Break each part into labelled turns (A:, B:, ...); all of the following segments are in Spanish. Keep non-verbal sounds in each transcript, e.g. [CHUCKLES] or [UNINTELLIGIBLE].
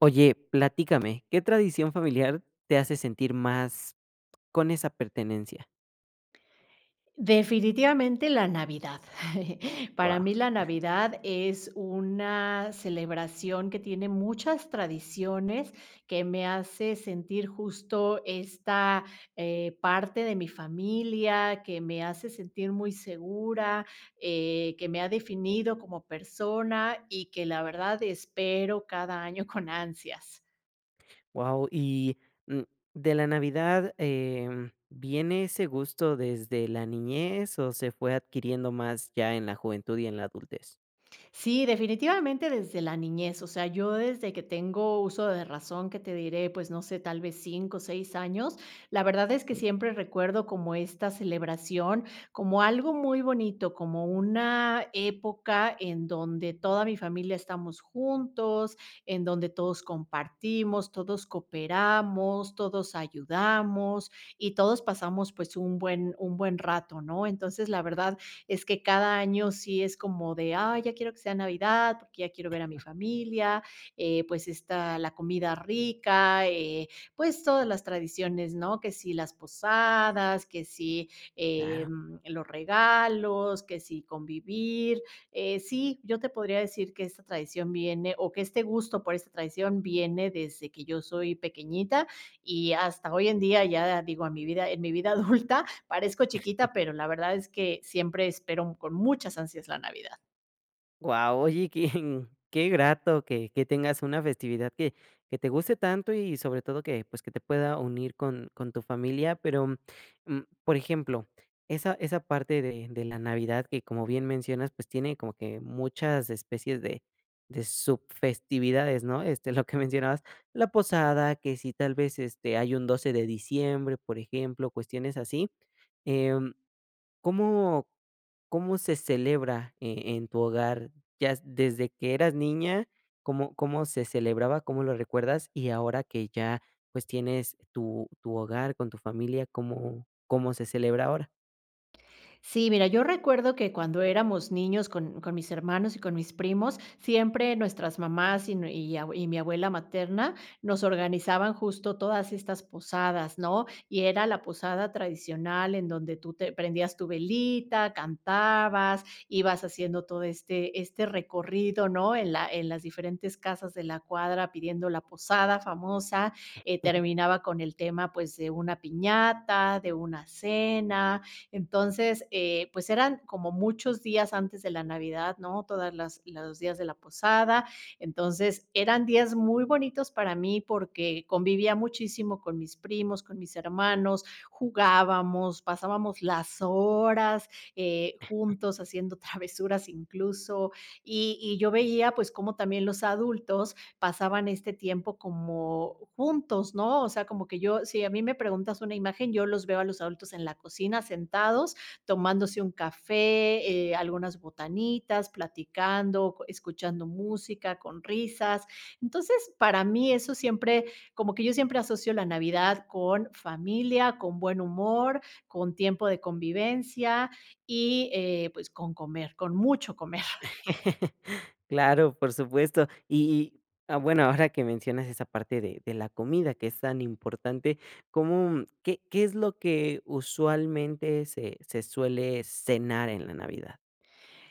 A: Oye, platícame. ¿Qué tradición familiar te hace sentir más con esa pertenencia?
B: Definitivamente la navidad. [LAUGHS] Para
A: Guau.
B: mí, la Navidad es una celebración que tiene muchas tradiciones, que me hace sentir justo esta, eh, parte de mi familia, que me hace sentir muy segura, eh, que me ha definido como persona y que, la verdad, espero cada año con ansias.
A: Guau. Y, mm, de la navidad, em, ¿viene ese gusto desde la niñez o se fue adquiriendo más ya en la juventud y en la adultez?
B: Sí, definitivamente, desde la niñez, o sea, yo desde que tengo uso de razón, que te diré, pues no sé, tal vez 5 o 6 años, la verdad, es que
A: [UNINTELLIGIBLE]
B: siempre recuerdo como esta celebración como algo muy bonito, como una época en donde toda mi familia estamos juntos, en donde todos compartimos, todos cooperamos, todos ayudamos y todos pasamos, pues, un buen un buen rato, ¿no? Entonces, la verdad es que cada año sí es como de: "Ay, ya quiero que sea Navidad, porque ya quiero ver a mi familia". Eh, pues, está la comida rica eh, pues todas las tradiciones, ¿no?, que si las posadas, que si,
A: Claro.
B: em, los regalos, que si convivir. Eh, sí, yo te podría decir que esta tradición viene o que este gusto por esta tradición viene desde que yo soy pequeñita y hasta hoy en día, ya digo a mi vida en mi vida adulta parezco
A: [CHUCKLES]
B: chiquita, pero la verdad es que siempre espero con muchas ansias la Navidad.
A: Guau, oye, quién qué grato que que tengas una festividad que que te guste tanto y sobre todo que, pues, que te pueda unir con con tu familia. Pero, mm, por ejemplo, esa esa parte de de la Navidad que, como bien mencionas, pues, tiene como que muchas especies de de sub festividades, ¿no?, este, lo que mencionabas, la posada, que si tal vez, este, hay un 12 de diciembre, por ejemplo, cuestiones así, em, ¿cómo cómo se celebra, eh, en tu hogar? Ya desde que eras niña, ¿cómo cómo se celebraba? ¿Cómo lo recuerdas? Y ahora que ya, pues, tienes tu tu hogar con tu familia ¿cómo cómo se celebra ahora?
B: Sí, mira, yo recuerdo que cuando éramos niños con con mis hermanos y con mis primos, siempre nuestras mamás y nue y ab y mi abuela materna, nos organizaban justo todas estas posadas, ¿no?, y era la posada tradicional en donde tú te prendías tu velita, cantabas, ibas haciendo todo este este recorrido, ¿no?, en la en las diferentes casas de la cuadra pidiendo la posada famosa, eh,
A: [CHUCKLES]
B: terminaba con el tema, pues, de una piñata, de una cena, entonces, eh, pues eran como muchos días antes de la navidad, ¿no?, todas las los días de la posada. Entonces, eran días muy bonitos para mí, porque convivía muchísimo con mis primos, con mis hermanos, jugábamos, pasábamos las horas, eh, juntos haciendo travesuras incluso, y y yo veía pues como también los adultos pasaban este tiempo como juntos, ¿no?, o sea, como que yo si a mí me preguntas una imagen yo los veo a los adultos en la cocina sentados tomándose un café, eh, algunas botanitas, platicando, escuchando música con risas. Entonces para mí, eso siempre como que yo siempre asocio la Navidad con familia, con buen humor, con tiempo de convivencia y, eh, pues, con comer con mucho comer.
A: [LAUGHS] Claro, por supuesto. Y y, ah, bueno, ahora que mencionas esa parte de de la comida que es tan importante, ¿cómo qué qué es lo que usualmente se se suele cenar en la Navidad?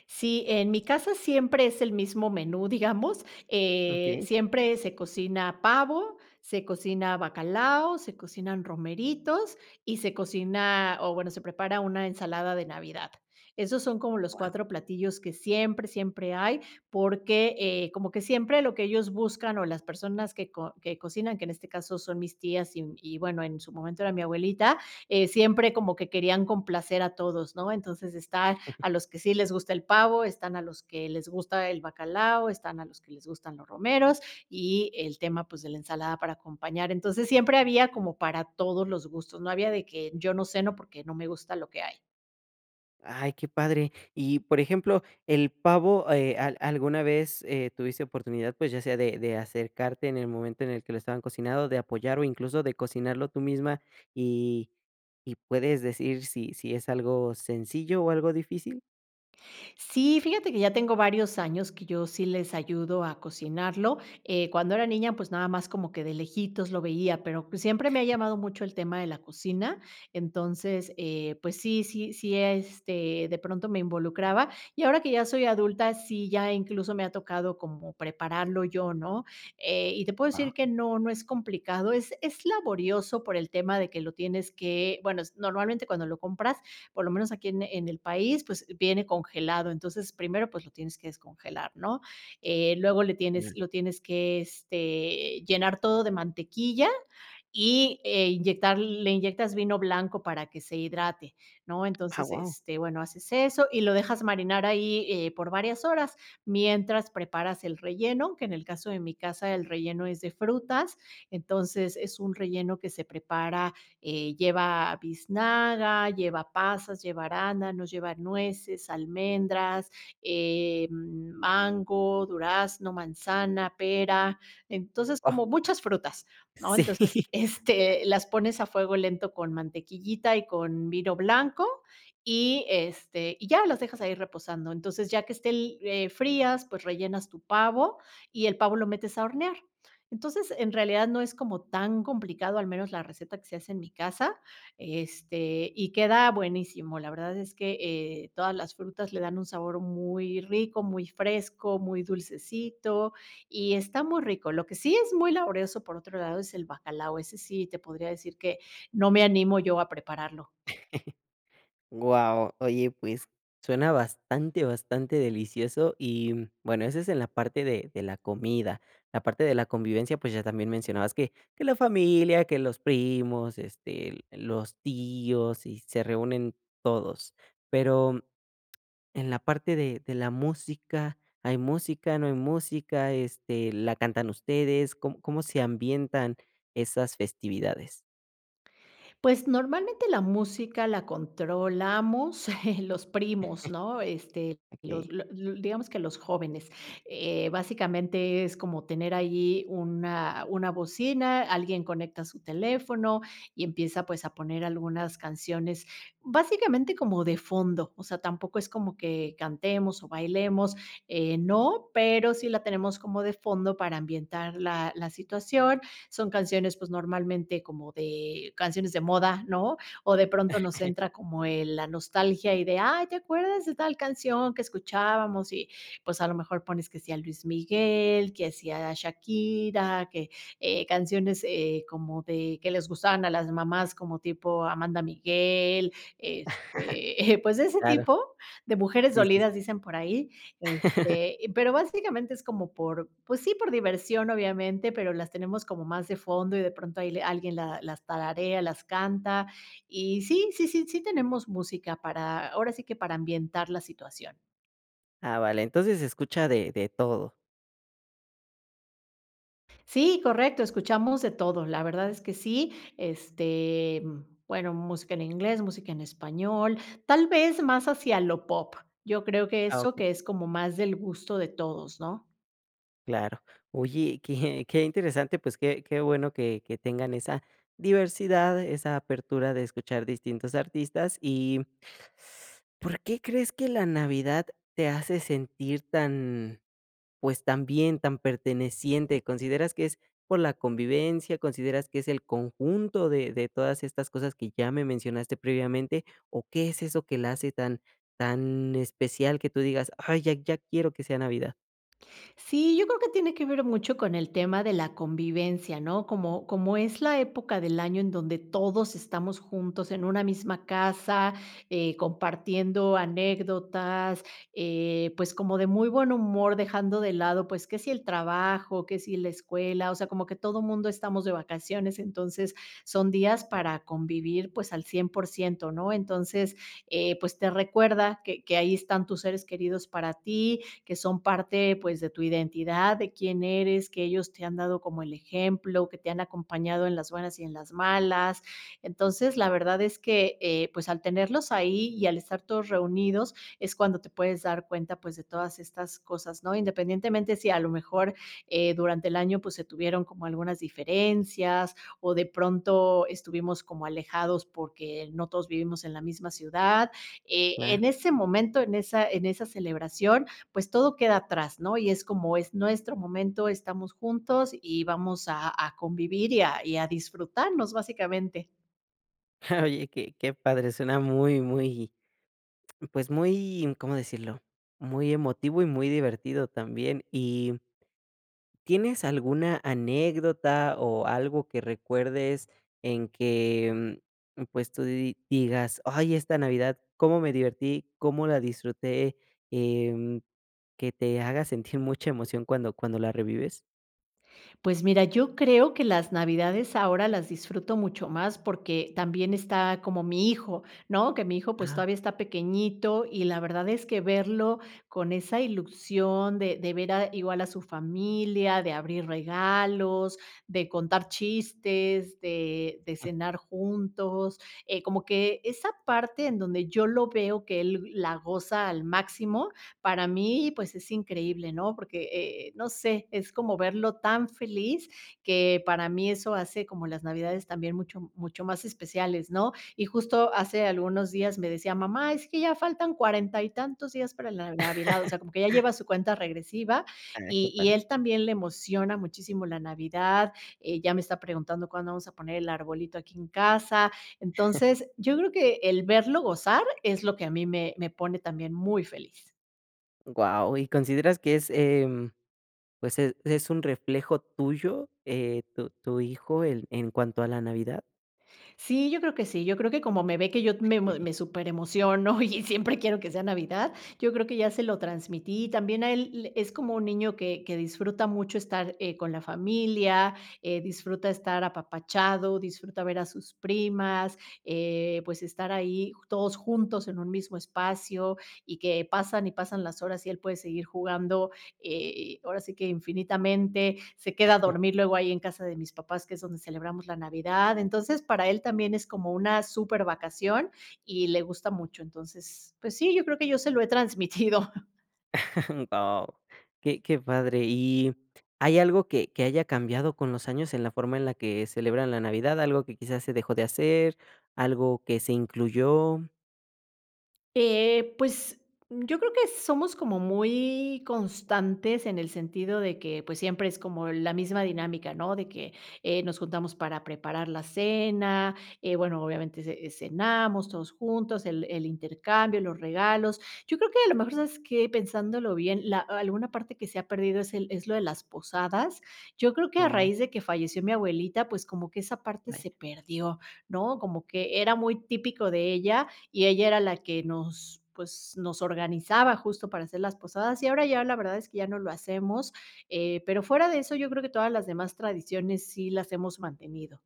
B: Sí, en mi casa siempre es el mismo menú, digamos, eh,
A: Okey.
B: siempre se cocina pavo, se cocina bacalao, se cocinan romeritos y se cocina, o bueno, se prepara una ensalada de navidad. Esos son como los
A: Guau.
B: 4 platillos que siempre, siempre hay, porque, eh, como que siempre lo que ellos buscan, o las personas que co que cocinan, que en este caso son mis tías y y bueno, en su momento era mi abuelita, eh, siempre como que querían complacer a todos, ¿no?, entonces, están
A: [CHUCKLES]
B: a los que sí les gusta el pavo, están a los que les gusta el bacalao, están a los que les gustan los romeros y el tema, pues, de la ensalada para acompañar. Entonces, siempre había como para todos los gustos, no había de que yo no ceno, porque no me gusta lo que hay.
A: Ay, qué padre. Y, por ejemplo, el pavo, eh, ¿a alguna vez, eh, tuviste oportunidad, pues, ya sea de de acercarte en el momento en el que lo estaban cocinando, de apoyar o incluso de cocinarlo tú misma? Y y ¿puedes decir sí sí es algo sencillo o algo difícil?
B: Sí, fíjate que ya tengo varios años que yo sí les ayudo a cocinarlo. Eh, cuando era niña, pues nada más como que de lejitos lo veía, pero pues siempre me ha llamado mucho el tema de la cocina. Entonces, eh, pues sí sí sí, este, de pronto me involucraba y ahora que ya soy adulta, sí ya incluso me ha tocado como prepararlo yo, ¿no?, eh, y te puedo
A: Ah.
B: decir que no, no es complicado, es es laborioso por el tema de que lo tienes que bueno, normalmente cuando lo compras, por lo menos aquí en en el país, pues viene congelado, entonces primero pues lo tienes que descongelar, ¿no?, eh, luego le tienes, lo tienes que, este, llenar todo de mantequilla y inyectar le inyectas vino blanco para que se hidrate, ¿no?
A: Ah,
B: Entonces
A: guau.
B: este bueno haces eso y lo dejas marinar ahí eh por varias horas mientras preparas el relleno, que en el caso de mi casa el relleno es de frutas, entonces es un relleno que se prepara eh, lleva biznaga, lleva pasas, lleva arándanos, lleva nueces, almendras, eh mango, durazno, manzana, pera, entonces
A: Guau.
B: como muchas frutas, ¿no? Entonces,
A: Sí
B: este, las pones a fuego lento con mantequillita y con vino blanco y, este, y ya las dejas ahí reposando, entonces ya que esté li eh, frías, pues rellenas tu pavo y el pavo lo metes a hornear. Entonces, en realidad no es como tan complicado, al menos la receta que se hace en mi casa, este, y queda buenísimo. La verdad es que, eh, todas las frutas le dan un sabor muy rico, muy fresco, muy dulcecito y está muy rico. Lo que sí es muy laborioso, por otro lado, es el bacalao, ese sí te podría decir que no me animo yo a prepararlo.
A: [CHUCKLES] Guau, oye pues suena bastante bastante, delicioso y bueno, eso es en la parte de de la comida. La parte de la convivencia, pues ya también mencionabas que que la familia, que los primos, este, los tíos y se reúnen todos. Pero en la parte de de la música, ¿hay música, no hay música, este, la cantan ustedes, com cómo se ambientan esas festividades?
B: Pues normalmente la música la controlamos, [CHUCKLES] los primos, ¿no?,
A: [CHUCKLES]
B: este, los
A: Okey.
B: la los digamos que los jóvenes, eh, básicamente es como tener allí una, una bocina, alguien conecta su teléfono y empieza pues a poner algunas canciones básicamente como de fondo, o sea, tampoco es como que cantemos o bailemos, eh, no, pero sí la tenemos como de fondo para ambientar la la situación. Son canciones, pues, normalmente como de canciones de moda, ¿no? O de pronto nos
A: [CHUCKLES]
B: entra como el la nostalgia y de: "Ay, ¿te acuerdas de tal canción que escuchábamos?", y pues, a lo mejor pones que sí a Luis Miguel, que si a Shakira, que, eh, canciones, eh, como de que les gustaban a las mamás como tipo Amanda Miguel, este, pues
A: [CHUCKLES]
B: de ese
A: Claro.
B: tipo de mujeres
A: Sí, sí, sí.
B: dolidas dicen por ahí,
A: [CHUCKLES]
B: este, pero básicamente es como por, pues sí por diversión obviamente, pero las tenemos como más de fondo y de pronto de ahí le alguien la las tararea, las canta y sí, sí, sí, sí tenemos música para, ahora sí que para ambientar la situación.
A: Ah, vale, entonces se escucha de de todo.
B: Sí, correcto, escuchamos de todo, la verdad es que sí, este, bueno, música en inglés, música en español, tal vez más hacia lo pop, Yo creo que
A: Ah,
B: eso
A: okey.
B: que es como más del gusto de todos, ¿no?
A: Claro. Oye, que que interesante, pues que que bueno que que tengan esa diversidad, esa apertura de escuchar distintos artistas y ¿por qué crees que la Navidad te hace sentir tan, pues, tan bien, tan perteneciente? ¿Consideras que es por la convivencia? ¿Consideras que es el conjunto de de todas estas cosas que ya me mencionaste previamente? ¿O qué es eso que la hace tan tan especial que tú digas, ay, ya ya quiero que sea navidad?
B: Sí, yo creo que tiene que ver mucho con el tema de la convivencia ¿no? Como como es la época del año en donde todos estamos juntos en una misma casa, eh, compartiendo anécdotas, eh, pues como de muy buen humor dejando de lado pues que si el trabajo, que si la escuela, o sea como que todo mundo estamos de vacaciones, entonces son días
A: Claro.
B: para convivir pues al 100 por 100 ¿no? Entonces, eh, pues te recuerda que que ahí están tus seres queridos para ti, que son parte pues de tu identidad, de quién eres, que ellos te han dado como el ejemplo, que te han acompañado en las buenas y en las malas, entonces la verdad es que, eh, pues al tenerlos ahí y al estar todos reunidos es cuando te puedes dar cuenta pues de todas estas cosas ¿no? Independientemente si a lo mejor eh, durante el año pues se tuvieron como algunas diferencias o de pronto estuvimos como alejados porque no todos vivimos en la misma ciudad, eh,
A: Claro.
B: en ese momento, en esa en esa celebración pues todo queda atrás, ¿no? Y es como es nuestro momento estamos juntos y vamos a a convivir y a y a disfrutarnos básicamente.
A: Oye que que padre suena muy, muy, pues, muy ¿Cómo decirlo? Muy emotivo y muy divertido también y ¿tienes alguna anécdota o algo que recuerdes en que, pues tú digas: "Ay esta navidad, cómo me divertí, cómo la disfruté", eh, que te haga sentir mucha emoción cuando cuando la revives?
B: Pues mira, yo creo que las navidades ahora las disfruto mucho más porque también está como mi hijo, ¿no? Que mi hijo, pues,
A: Ah.
B: todavía está pequeñito y la verdad es que verlo con esa ilusión de de ver a igual a su familia, de abrir regalos, de contar chistes, de de cenar juntos, eh, como que esa parte en donde yo lo veo que él la goza al máximo, para mí pues es increíble, ¿no? Porque, e eh, no sé, es como verlo tan feliz que para mí eso hace como las navidades también mucho mucho más especiales, ¿no? Y justo hace algunos días me decía mamá es que ya faltan cuarenta y tantos días para la navidad, o
A: [LAUGHS]
B: sea como que ya lleva su cuenta regresiva
A: Ay, que
B: y y
A: padre.
B: él también le emociona muchísimo la navidad, eh ya me está preguntando cuándo vamos a poner el arbolito aquí en casa,
A: [CHUCKLES]
B: entonces yo creo que el verlo gozar es lo que a mí me me pone también muy feliz.
A: Guau y, ¿consideras que es, em, pues, es es un reflejo tuyo, eh, tu tu hijo, en cuanto a la navidad?
B: Sí, yo creo que sí, yo creo que como me ve, que yo me
A: [CHUCKLES]
B: me súperemociono y siempre quiero que sea Navidad, yo creo que ya se lo transmití. También a él, es como un niño que que disfruta mucho estar, eh, con la familia, eh, disfruta estar apapachado, disfruta ver a sus primas, eh, pues, estar ahí ju todos juntos en un mismo espacio y que pasan y pasan las horas y él puede seguir jugando, eh, ahora sí que infinitamente, se queda a
A: [CHUCKLES]
B: dormir luego ahí en casa de mis papás, que es donde celebramos la Navidad, entonces para él también es como una súper vacación y le gusta mucho, entonces, pues sí, yo creo que yo se lo he transmitido.
A: [CHUCKLES] No, qué qué padre, y, ¿hay algo que que haya cambiado con los años en la forma que celebran la Navidad? ¿Algo que quizás se dejó de hacer, algo que se incluyó?
B: Eh, pues, yo creo que somos como muy constantes en el sentido de que, pues, siempre es como la misma dinámica, ¿no? De que nos juntamos para preparar la cena, eh, bueno, obviamente ce cenamos todos juntos, el el intercambio, los regalos. Yo creo que a lo mejor sabes que pensándolo bien, la alguna parte que se ha perdido es el es lo de las posadas, yo creo que a
A: Mm.
B: raíz de que falleció mi abuelita, pues, como que esa parte
A: Vaya.
B: se perdió, ¿no? Como que era muy típico de ella, y ella era la que nos, pues, nos organizaba justo para hacer las posadas, y ahora ya la verdad es que ya no lo hacemos, eh, pero fuera de eso yo creo que todas las demás tradiciones sí las hemos mantenido.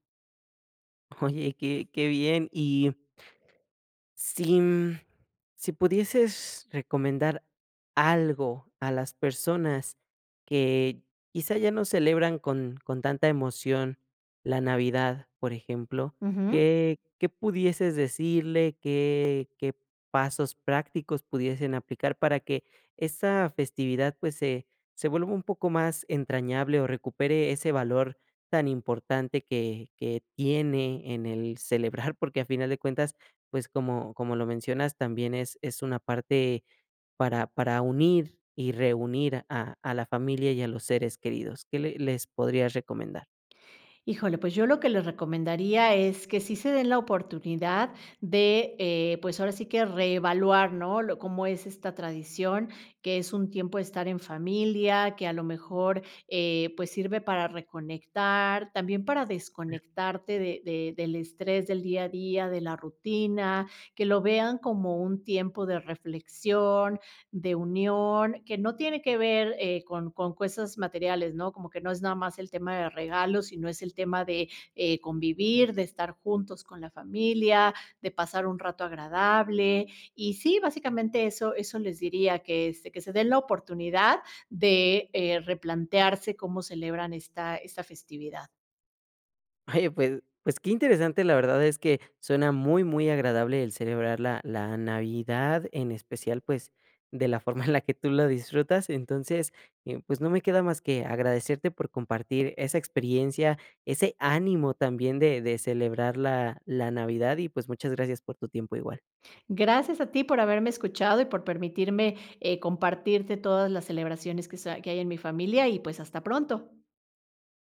A: Oye, que qué bien, y si, mm, si pudieses recomendar algo a las personas que quizá ya no celebran con con tanta emoción la navidad, por ejemplo,
B: Ujú.
A: qué qué pudieses decirle, ¿qué qué pasos prácticos pudiesen aplicar para que esa festividad, pues, se se vuelva un poco más entrañable, o recupere ese valor tan importante que que tiene en el celebrar? Porque, a final de cuentas, pues como, como lo mencionas también es es una parte para para unir y reunir a a la familia y a los seres queridos, ¿qué le les podrías recomendar?
B: Híjole, pues, yo lo que les recomendaría es que sí se den la oportunidad de, eh, pues, ahora sí que reevaluar, ¿no?, lo cómo es esta tradición, que es un tiempo de estar en familia, que a lo mejor, eh, pues sirve para reconectar, también para
A: Ya.
B: desconectarte de de del estrés del día a día, de la rutina, que lo vean como un tiempo de reflexión, de unión, que no tiene que ver, eh, con con cosas materiales, ¿no?, como que no es nada más el tema de regalos, sino, es el tema de, eh, convivir, de estar juntos con la familia, de pasar un rato agradable. Y sí, básicamente eso eso les diría que, este, que se den la oportunidad de, eh, replantearse cómo celebran esta esta festividad.
A: Oye, pues pues, qué interesante, la verdad es que suena muy muy agradable el celebrar la la navidad, en especial, pues, de la forma en la que tú lo disfrutas. Entonces, em, pues, no me queda más que agradecerte por compartir esa experiencia, ese ánimo también de de celebrar la la navidad y pues, muchas gracias por tu tiempo igual.
B: Gracias a ti por haberme escuchado y por permitirme, eh, compartirte todas las celebraciones que sa que hay en mi familia y, pues, hasta pronto.